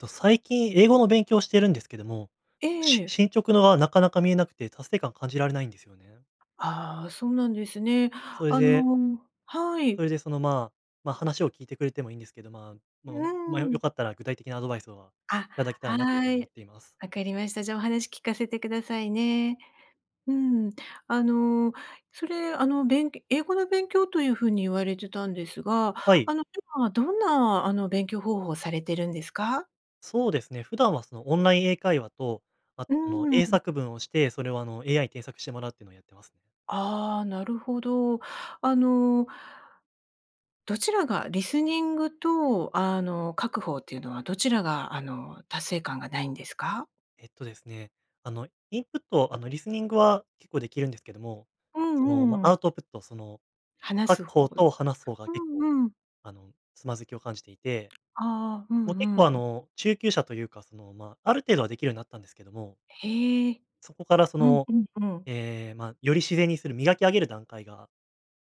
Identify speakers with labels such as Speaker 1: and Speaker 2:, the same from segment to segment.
Speaker 1: っと、最近英語の勉強をしているんですけども、
Speaker 2: え
Speaker 1: し
Speaker 2: え。
Speaker 1: 進捗のは、なかなか見えなくて達成感感じられないんですよね。
Speaker 2: ああ、そうなんですね。
Speaker 1: それ
Speaker 2: あ
Speaker 1: で
Speaker 2: のは
Speaker 1: そ
Speaker 2: い。
Speaker 1: れでその、まま、話を聞いてくれてもいいんですけど、ま
Speaker 2: う
Speaker 1: まま、良
Speaker 2: ん。
Speaker 1: かったら具体的なアドバイスは
Speaker 2: あ、
Speaker 1: 頂けたらなという風
Speaker 2: は
Speaker 1: に思っ
Speaker 2: い。
Speaker 1: ています。
Speaker 2: わかりました。じゃあ、お話聞かせてくださいね。うん。あの、それ、あの、べん英語の勉強という風に言われてたんですが、
Speaker 1: はい。
Speaker 2: あの、今どんな、あの勉強方法をされてるんですか？
Speaker 1: そうですね、普段はそのオンライン英会話と、あと
Speaker 2: う
Speaker 1: その英
Speaker 2: ん。
Speaker 1: 作文をして、それをあの AI に添削してもらうっていうのをやってます。
Speaker 2: ああ、なるほど。あのどちらが、リスニングと、あの、書く方っていうのはどちらがあの達成感がないんですか？
Speaker 1: えっとですね、あの、インプット、あの、リスニングは結構できるんですけども、
Speaker 2: う
Speaker 1: その、ま、
Speaker 2: んう
Speaker 1: ア
Speaker 2: ん。
Speaker 1: ウトプット、その
Speaker 2: 話
Speaker 1: 書く
Speaker 2: す方。
Speaker 1: 方と話す方が
Speaker 2: う
Speaker 1: 結構、
Speaker 2: んうん。
Speaker 1: あの、つまずきを感じていて、
Speaker 2: ああ、うん
Speaker 1: もう結
Speaker 2: うん
Speaker 1: 構あ
Speaker 2: うん。
Speaker 1: の、中級者というか、その、ま、ある程度はできるようになったんですけども
Speaker 2: へえ、
Speaker 1: そこからそ
Speaker 2: うん
Speaker 1: の、
Speaker 2: うんうん。
Speaker 1: ええ、ま、より自然にする、磨き上げる段階が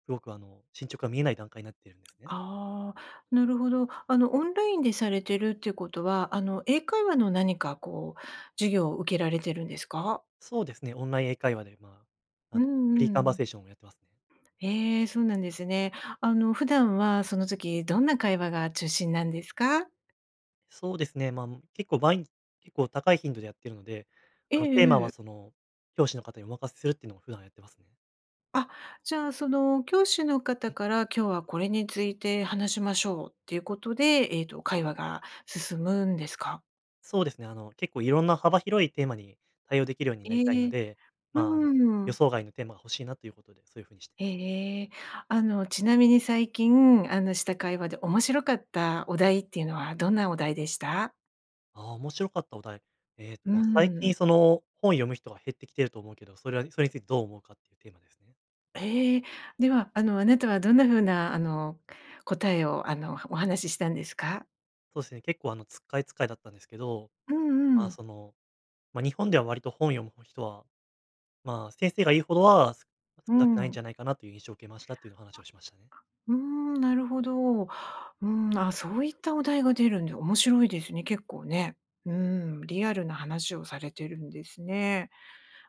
Speaker 1: すごくあの進捗が見えない段階になってるんですね。
Speaker 2: ああ、なるほど。あのオンラインでされてるっていうことは、あの英会話の何かこう授業を受けられてるんですか？
Speaker 1: そうですね、オンライン英会話で、まあ、
Speaker 2: う
Speaker 1: あの、フリーカン
Speaker 2: んう
Speaker 1: バ
Speaker 2: ん。
Speaker 1: セーションをやってますね。
Speaker 2: へえ、そうなんですね。あの普段はその時どんな会話が中心なんですか？
Speaker 1: そうですね、ま、ん、結構ばい結構高い頻度でやっているので、
Speaker 2: え
Speaker 1: あのテーマ
Speaker 2: ええ
Speaker 1: は
Speaker 2: え。
Speaker 1: その教師の方にお任せするっていうのを普段やってますね。
Speaker 2: あ、じゃあ、その教師の
Speaker 1: う
Speaker 2: 方
Speaker 1: ん。
Speaker 2: から今日はこれについて話しましょうっていうことで、えっと、会話が進むんですか？
Speaker 1: そうですね、あの、結構いろんな幅広いテーマに対応できるようになりたい
Speaker 2: え
Speaker 1: の
Speaker 2: え、
Speaker 1: で、
Speaker 2: う
Speaker 1: まあ、あの
Speaker 2: ー
Speaker 1: 予
Speaker 2: ん。
Speaker 1: 想外のテーマが欲しいなということで、そういう風にしてい
Speaker 2: ええ
Speaker 1: ます。
Speaker 2: ええ、あの、ちなみに最近あのした会話で面白かったお題っていうのはどんなお題でした？
Speaker 1: ああ、面白かったお題。えっ
Speaker 2: う
Speaker 1: と
Speaker 2: ー
Speaker 1: まあ、最近
Speaker 2: ん。
Speaker 1: その本を読む人が減ってきていると思うけど、それは、それについてどう思うかっていうテーマですね。
Speaker 2: ええ、では、あの、あなたは、どんな風なあの答えを、あの、おはお話ししたんですか？
Speaker 1: そうですね、結構あのつっかえつっかえだったんですけど、
Speaker 2: うん
Speaker 1: ま
Speaker 2: う
Speaker 1: あ
Speaker 2: ん。
Speaker 1: その、ま、日本では割と本を読む人は、まあ先生が言うほどは、す
Speaker 2: う
Speaker 1: 少なくないん
Speaker 2: ん。
Speaker 1: じゃないかなという印象を受けましたというの話をしましたね。
Speaker 2: うーん、なるほど。うん、ああ、そういったお題が出るんで、面白いですね、結構ね。うーん、リアルな話をされてるんですね。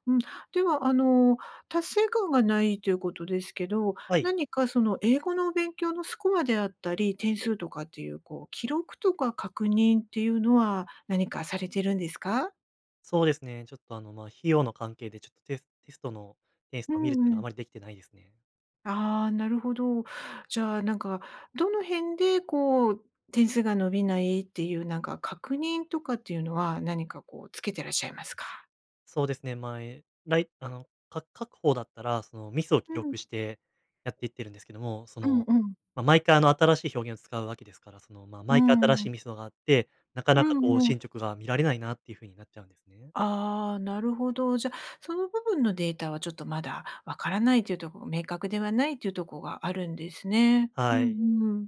Speaker 2: うん。では、あの、達成感がないということですけど、
Speaker 1: はい。
Speaker 2: 何かその英語の勉強のスコアであったり、点数とかっていう、こう、記録とか確認っていうのは、何かされてるんですか？
Speaker 1: そうですね、ちょっとあの、ま、費用の関係でちょっとテステストのテイス
Speaker 2: う
Speaker 1: トを見るっていう
Speaker 2: ん
Speaker 1: のは
Speaker 2: うん。
Speaker 1: あまりできてないですね。
Speaker 2: ああ、なるほど。じゃあなんか、どの辺でこう点数が伸びないっていう、なんか、確認とかっていうのは、何かこうつけてらっしゃいますか？
Speaker 1: そうですね、ま、えらい、あの、か書く方だったら、そのミスを
Speaker 2: う
Speaker 1: 記
Speaker 2: ん。
Speaker 1: 録してやっていってるんですけども、そ
Speaker 2: うん
Speaker 1: の、
Speaker 2: うん。
Speaker 1: ま、毎回、あの、新しい表現を使うわけですから、その、ま、
Speaker 2: うー
Speaker 1: 毎回新しい
Speaker 2: ん。
Speaker 1: ミスがあって、なか
Speaker 2: う
Speaker 1: なか、こ
Speaker 2: ん
Speaker 1: う、
Speaker 2: うん。
Speaker 1: 進捗が見られないなっていう風になっちゃうんですね。
Speaker 2: ああ、なるほど。じゃ、その部分のデータはちょっとまだわからないというとこ、明確ではないというとこがあるんですね。う
Speaker 1: は
Speaker 2: ん
Speaker 1: い。
Speaker 2: うーん。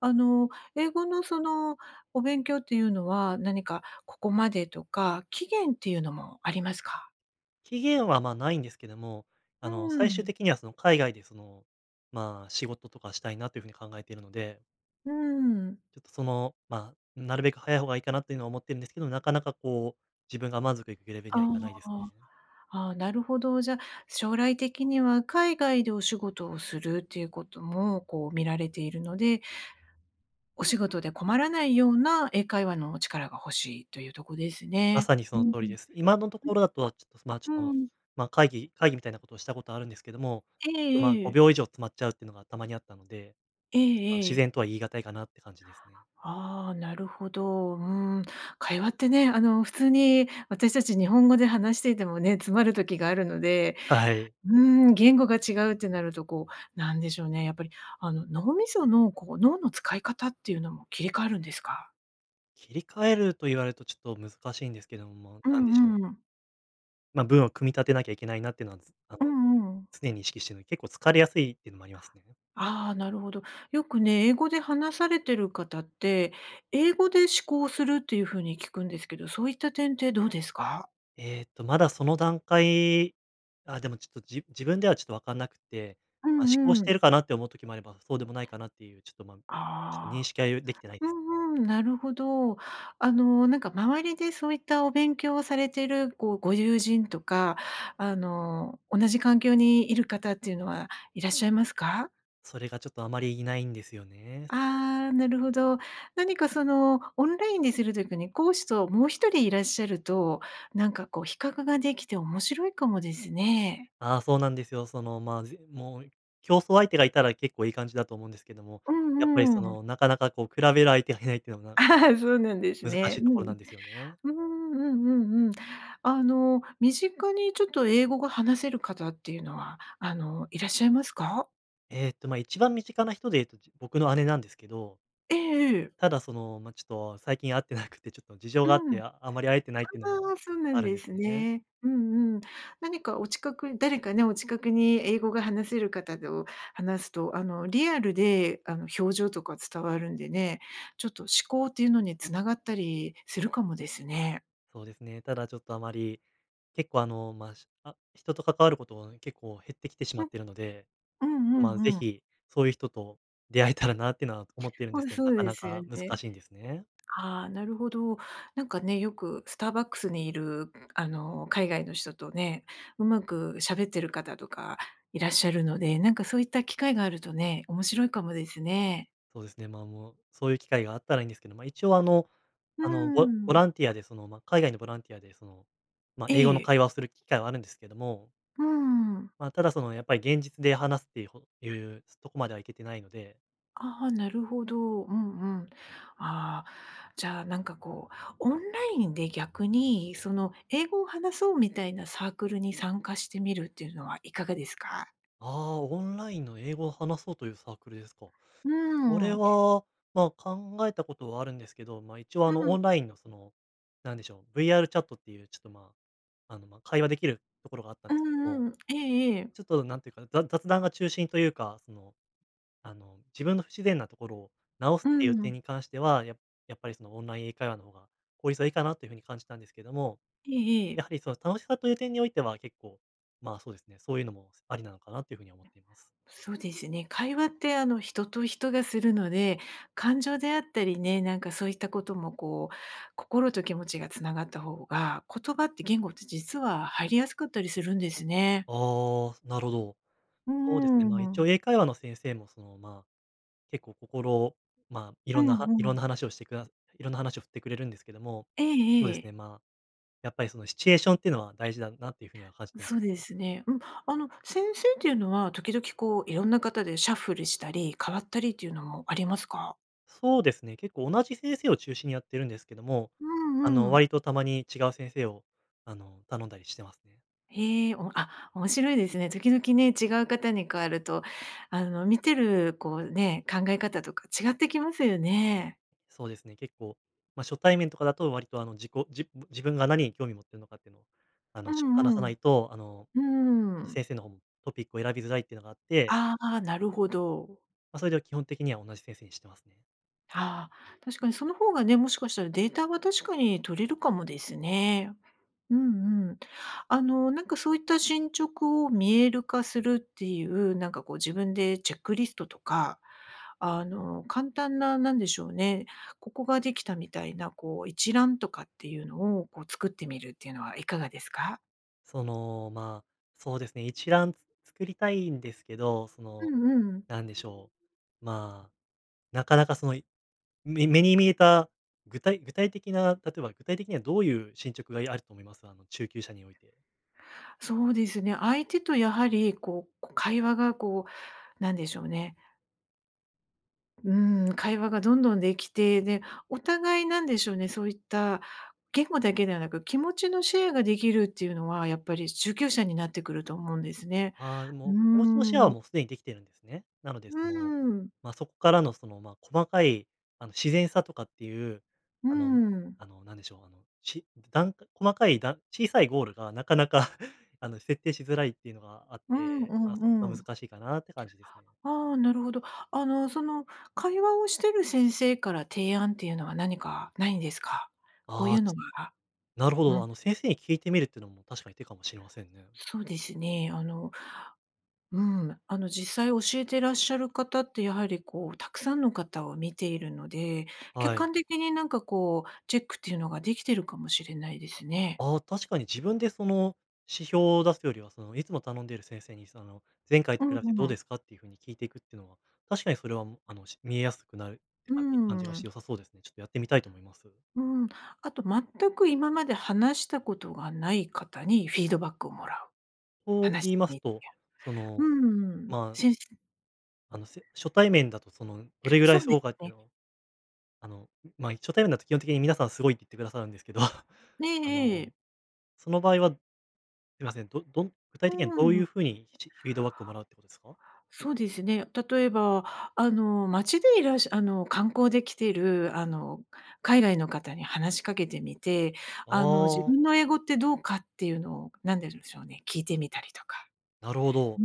Speaker 2: あの、英語のその、お勉強っていうのは、何かここまでとか、期限っていうのもありますか？
Speaker 1: 期限は、まあ、ないんですけども、
Speaker 2: う
Speaker 1: あの、
Speaker 2: ー
Speaker 1: 最終
Speaker 2: ん。
Speaker 1: 的には、その、海外で、その、まあ、仕事とかしたいなという風に考えているので
Speaker 2: うーん。
Speaker 1: ちょっと、そのまなるべく早い方がいいかなというのは思ってるんですけど、なかなかこう、自分が満足いくレベルに
Speaker 2: あ
Speaker 1: はいかないです
Speaker 2: あ。
Speaker 1: ね。
Speaker 2: ああ、なるほど。じゃ、将来的には海外でお仕事をするっていうことも、こう見られているので、お仕事で困らないような英会話の力が欲しいというとこです
Speaker 1: ま
Speaker 2: ね？
Speaker 1: さにそ
Speaker 2: う
Speaker 1: の
Speaker 2: ん
Speaker 1: 通
Speaker 2: う
Speaker 1: り
Speaker 2: ん。
Speaker 1: です。今のところだと、ちょっと、ま、ち
Speaker 2: う
Speaker 1: ょっ
Speaker 2: ん。う
Speaker 1: と、
Speaker 2: ーん。
Speaker 1: ま、会議会議みたいなことをしたことあるんですけども、
Speaker 2: え
Speaker 1: まあ、
Speaker 2: ええ
Speaker 1: ご
Speaker 2: え。
Speaker 1: びょう以上詰まっちゃうっていうのがたまにあったので、
Speaker 2: え
Speaker 1: ちょっと、
Speaker 2: ええ
Speaker 1: 自
Speaker 2: え。
Speaker 1: 然とは言い難いかなって感じですね。
Speaker 2: ああ、なるほど。うーん、会話ってね、あの、普通に私たち日本語で話していてもね、詰まる時があるので、
Speaker 1: はい。
Speaker 2: うーん、言語が違うってなるとこう、なんでしょうね、やっぱりあの脳みそのこう脳の使い方っていうのも切り替わるんですか？
Speaker 1: 切り替えると言われるとちょっと難しいんですけども、
Speaker 2: う
Speaker 1: なんでしょ
Speaker 2: ん
Speaker 1: う。
Speaker 2: うん。
Speaker 1: ま、文を組み立てなきゃいけないなっていうのはつあ
Speaker 2: う
Speaker 1: の
Speaker 2: んうん。
Speaker 1: 常に意識してるの、結構疲れやすいっていうのもありますね。
Speaker 2: ああ、なるほど。よくね、英語で話されてる方って、英語で思考するっていう風に聞くんですけど、そういった点ってどうですか？
Speaker 1: えっと、まだその段階あ、でもちょっとじ自分ではちょっとわかんなくて、
Speaker 2: う
Speaker 1: ま、思考
Speaker 2: ん
Speaker 1: し
Speaker 2: う
Speaker 1: てい
Speaker 2: ん。
Speaker 1: るかなって思う時もあれば、そうでもないかなっていうちょっと、ま、ちょっと認
Speaker 2: ああ、
Speaker 1: 識はゆできてない
Speaker 2: う
Speaker 1: です。
Speaker 2: んうん、なるほど。あの、なんか周りでそういったお勉強をされている、こう、ご友人とか、あの、同じ環境にいる方っていうのはいらっしゃいますか？
Speaker 1: それがちょっとあまりいないんですよね。
Speaker 2: ああ、なるほど。何かそのオンラインでする時に、講師ともう1人いらっしゃると、なんかこう比較ができて面白いかもですね。
Speaker 1: ああ、そうなんですよ。その、ま、じもう競争相手がいたら結構いい感じだと思うんですけども、
Speaker 2: う
Speaker 1: やっぱり
Speaker 2: ん
Speaker 1: そ
Speaker 2: うん。
Speaker 1: の、なかなかこう比べる相手がいないっていうのもなんか こ
Speaker 2: そうなんです
Speaker 1: う難し
Speaker 2: ね。
Speaker 1: いと
Speaker 2: う
Speaker 1: ころなんですよね。
Speaker 2: ん。うーん、うんうんうん。あの、身近にちょっと英語が話せる方っていうのは、あのいらっしゃいますか？
Speaker 1: えっと、まあ、一番身近な人で言うと、ちょっと、僕の姉なんですけど
Speaker 2: ええええ。
Speaker 1: ただその、ま、ちょっと最近会ってなくて、ちょっと事情
Speaker 2: う
Speaker 1: があっ
Speaker 2: ん、あ
Speaker 1: て、ああまり会えてないっていうのも
Speaker 2: あ、そうな
Speaker 1: あ
Speaker 2: ん
Speaker 1: るん
Speaker 2: で
Speaker 1: です
Speaker 2: す
Speaker 1: ね。
Speaker 2: ね。うんうん。何かお近くに誰かね、お近くに英語が話せる方と話すと、あの、リアルで、あの、表情とか伝わるんでね、ちょっと思考っていうのに繋がったりするかもですね。
Speaker 1: そうですね。ただ、ちょっと、あまり、結構、あの、ま、しあ人と関わることは結構減ってきてしま
Speaker 2: う
Speaker 1: っ
Speaker 2: ん。
Speaker 1: ているので、
Speaker 2: うんう
Speaker 1: まあぜ
Speaker 2: んうん。
Speaker 1: ひ、そういう人と出会えたらなっていうのは思っているんで
Speaker 2: ほん
Speaker 1: す
Speaker 2: と
Speaker 1: けど、
Speaker 2: そ
Speaker 1: な
Speaker 2: う
Speaker 1: か
Speaker 2: で
Speaker 1: な
Speaker 2: すよ
Speaker 1: か難
Speaker 2: ね。
Speaker 1: しいんですね。
Speaker 2: ああ、なるほど。なんかね、よくスターバックスにいる、あの、海外の人とね、うまくしゃべってる方とかいらっしゃるので、なんか、そういった機会があるとね、面白いかもですね。
Speaker 1: そうですね、まあ、もう、そういう機会があったらいんですけど、まあ、一応あの、
Speaker 2: うー
Speaker 1: あの、ボボ
Speaker 2: ん。
Speaker 1: ランティアで、その、ま、海外のボランティアで、その、ま、
Speaker 2: え
Speaker 1: 英語の
Speaker 2: え。
Speaker 1: 会話をする機会はあるんですけども
Speaker 2: うーん。
Speaker 1: まあ、ただ、その、やっぱり、現実で話すっていう、ほいう、すとこまでは行けてないので。
Speaker 2: ああ、なるほど。うんうん。ああ、じゃあ、なんかこう、オンラインで逆に、その英語を話そうみたいなサークルに参加してみるっていうのはいかがですか？
Speaker 1: ああ、オンラインの英語を話そうというサークルですか。
Speaker 2: うー
Speaker 1: それ
Speaker 2: ん。
Speaker 1: は、まあ、考えたことはあるんですけど、まあ、一応あ
Speaker 2: う
Speaker 1: の、オ
Speaker 2: ん。
Speaker 1: ンラインのその何でしょう、VR チャットっていう、ちょっとまあ、あの、ま、会話できるところがあったん
Speaker 2: う
Speaker 1: ですけども。
Speaker 2: んうん。ええええ。
Speaker 1: ちょっと何ていうか、ざ雑談が中心というか、その、あの、自分の不自然なところを直す
Speaker 2: う
Speaker 1: っていう点
Speaker 2: ん。
Speaker 1: に関しては、ややっぱりそのオンライン英会話の方が効率はいいかなというふうに感じたんですけども、
Speaker 2: えええ
Speaker 1: や
Speaker 2: え。
Speaker 1: はりその楽しさという点においては、結構、まあ、そうですね、そういうのも、すありなのかなというふうに思っています。
Speaker 2: そうですね、会話ってあの、人と人がするので、感情であったりね、なんかそういったことも、こう、心と気持ちが繋がった方が、言葉って、言語って実は入りやすかったりするんですね。
Speaker 1: ああ、すなるほど。
Speaker 2: うう
Speaker 1: そうですね、まあ、
Speaker 2: ー
Speaker 1: 一応
Speaker 2: ん。
Speaker 1: 英会話の先生も、そのまあ、結構心まあ、い
Speaker 2: う
Speaker 1: ろんなはい
Speaker 2: んう
Speaker 1: ろん
Speaker 2: ん。
Speaker 1: な話をしてくださいろんな話を振ってくれるんですけども、
Speaker 2: え
Speaker 1: そう
Speaker 2: え
Speaker 1: で
Speaker 2: え
Speaker 1: す
Speaker 2: え。
Speaker 1: ね、まあ、やっぱりそのシチュエーションっていうのは大事だなというふうには感じてま
Speaker 2: そう
Speaker 1: す。
Speaker 2: ですね。うん。あの先生っていうのは、時々こう、いろんな方でシャッフルしたり、変わったりっていうのもありますか？
Speaker 1: そうですね。結構同じ先生を中心にやっているんですけども、
Speaker 2: う
Speaker 1: あ
Speaker 2: ん
Speaker 1: の、
Speaker 2: うん。
Speaker 1: 割とたまに違う先生を、あの、頼んだりしてますね。
Speaker 2: へえ、おもあ、面白いですね。時々ね、違う方に変わると、あの、見てるこうね、考え方とか違ってきますよね。
Speaker 1: そうですね。結構、ま、初対面とかだと、割とあの、自己じぶ自分が何に興味持っているのかっていうのを、あ
Speaker 2: う
Speaker 1: のしょ話さ
Speaker 2: んうん。
Speaker 1: ないと、あの、
Speaker 2: うーん。
Speaker 1: 先生の方もトピックを選びづらいっていうのがあって
Speaker 2: ああ、なるほど。
Speaker 1: ま、それで基本的には同じ先生にしてますね。
Speaker 2: ああ、確かにその方がね、もしかしたらデータは確かに取れるかもですね。うんうん。あのなんかそういった進捗を見える化するっていう、なんかこう自分でチェックリストとか、あの簡単な何でしょうね、ここができたみたいな、こう一覧とかっていうのをこう作ってみるっていうのはいかがですか？
Speaker 1: その、まあ、そうですね、一覧、つ作りたいんですけど、そ
Speaker 2: う
Speaker 1: の、
Speaker 2: んうん。
Speaker 1: なんでしょう、まあ、なかなかその目に見えた具体具体的な例えば具体的にはどういう進捗があると思います？あの中級者において。
Speaker 2: そうですね。相手とやはり、こう、こ、会話がこうなんでしょうねうーん、会話がどんどんできて、で、お互いなんでしょうね、そういった言語だけではなく、気持ちのシェアができるっていうのは、やっぱり中級者になってくると思うんですね。
Speaker 1: ああ、
Speaker 2: うー
Speaker 1: も、気持ちのシェアは
Speaker 2: ん。
Speaker 1: もうすでにできているんですね。なので
Speaker 2: う
Speaker 1: その、
Speaker 2: ーん。
Speaker 1: ま、そこからの、その、ま、細かいあの自然さとかっていう、
Speaker 2: うー
Speaker 1: あの、
Speaker 2: ん。
Speaker 1: あの、なんでしょう、あの、しだんか細かいだ小さいゴールがなかなかあの設定しづらいっていうのがあっ
Speaker 2: うん
Speaker 1: て、
Speaker 2: う
Speaker 1: まあ、
Speaker 2: ん
Speaker 1: それ
Speaker 2: う
Speaker 1: が
Speaker 2: ん。
Speaker 1: 難しいかなって感じですね。
Speaker 2: ああ、なるほど。あのその会話をしている先生から提案っていうのは何かないんですか？こう
Speaker 1: あ
Speaker 2: い
Speaker 1: あ、
Speaker 2: う
Speaker 1: ち
Speaker 2: のは
Speaker 1: なるほ
Speaker 2: う
Speaker 1: ど。
Speaker 2: ん。
Speaker 1: あの先生に聞いてみるっていうのも確かに手かもしれませんね。
Speaker 2: そうですね。あの、うん、あの実際教えてらっしゃる方って、やはりこう、たくさんの方を見ているので、
Speaker 1: は
Speaker 2: 客
Speaker 1: い。
Speaker 2: 観的になんかこう、チェックっていうのができてるかもしれないですね。
Speaker 1: ああ、確かに自分でその指標を出すよりは、その、いつも頼んでいる先生に、その、「前回と
Speaker 2: う
Speaker 1: 比
Speaker 2: ん
Speaker 1: べてどう
Speaker 2: う
Speaker 1: で
Speaker 2: ん。
Speaker 1: すか」っていうふうに聞いてくっていうのは、確かにそれはもあの、し見えやすくなる
Speaker 2: う
Speaker 1: 感じが
Speaker 2: ー
Speaker 1: し
Speaker 2: ん。
Speaker 1: て良さそうですね。ちょっとやってみたいと思います。
Speaker 2: うん、あと全く今まで話したことがない方にフィードバックをもらう。
Speaker 1: と
Speaker 2: 話
Speaker 1: 言
Speaker 2: して
Speaker 1: います
Speaker 2: みて。
Speaker 1: と、その、
Speaker 2: うん。
Speaker 1: まあ。
Speaker 2: しんせ
Speaker 1: あの、せ初対面だとそのどれぐら
Speaker 2: そ
Speaker 1: い
Speaker 2: うで
Speaker 1: そう
Speaker 2: す
Speaker 1: かって
Speaker 2: ね。
Speaker 1: のを、あの、まあ、初対面だと基本的に皆さんすごいって言ってくださるんですけど、あ
Speaker 2: ええええ。
Speaker 1: の、その場合は、すみません、どどん具
Speaker 2: う
Speaker 1: 体的には
Speaker 2: ー
Speaker 1: どういう
Speaker 2: ん。
Speaker 1: ふうにフィードバックをもらうってことですか？
Speaker 2: そうですね。例えば、あの、町でいらっしゃあの観光で来てるあの海外の方に話しかけてみて、
Speaker 1: あ
Speaker 2: あの、自
Speaker 1: あ。
Speaker 2: 分の英語ってどうかっていうのを、なんて言うんでしょうね、聞いてみたりとか。
Speaker 1: なるほ
Speaker 2: う
Speaker 1: ど。
Speaker 2: ー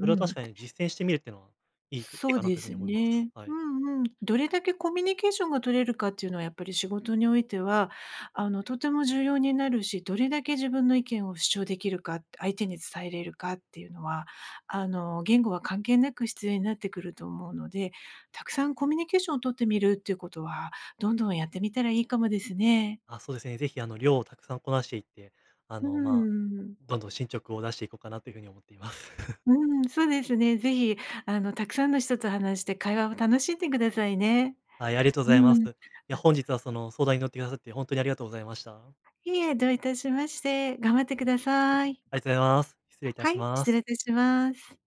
Speaker 1: それは
Speaker 2: う
Speaker 1: 確
Speaker 2: ん。
Speaker 1: かに実践してみるっていうのはいいいい
Speaker 2: そう
Speaker 1: かな
Speaker 2: で
Speaker 1: というふうに
Speaker 2: す
Speaker 1: 思います。
Speaker 2: ね。
Speaker 1: は
Speaker 2: う
Speaker 1: い。
Speaker 2: んうん。どれだけコミュニケーションが取れるかっていうのは、やっぱり仕事においては、あの、とても重要になるし、どれだけ自分の意見を主張できるかって、相手に伝えれるかっていうのは、あの、言語は関係なく必要になってくると思うので、たくさんコミュニケーションを取ってみるっていうことは、どんどんやってみたらいいかもですね。
Speaker 1: あ、そうですね。ぜひあの量をたくさんこなしていって、あ
Speaker 2: うー
Speaker 1: の、まあ、
Speaker 2: ん。
Speaker 1: どんどん進捗を出していこうかなというふうに思っています。
Speaker 2: うーん、そうですね。ぜひあのたくさんの人と話して会話を楽しんでくださいね。
Speaker 1: はい、ありがとうご
Speaker 2: う
Speaker 1: ざいます。
Speaker 2: ーん。
Speaker 1: いや、本日はその相談に乗ってくださって本当にありがとうございました。
Speaker 2: いえ、どういたしまして、頑張ってください。
Speaker 1: ありがとうございます。失礼いた
Speaker 2: は
Speaker 1: し
Speaker 2: い、
Speaker 1: ま
Speaker 2: 失礼
Speaker 1: す。
Speaker 2: いたします。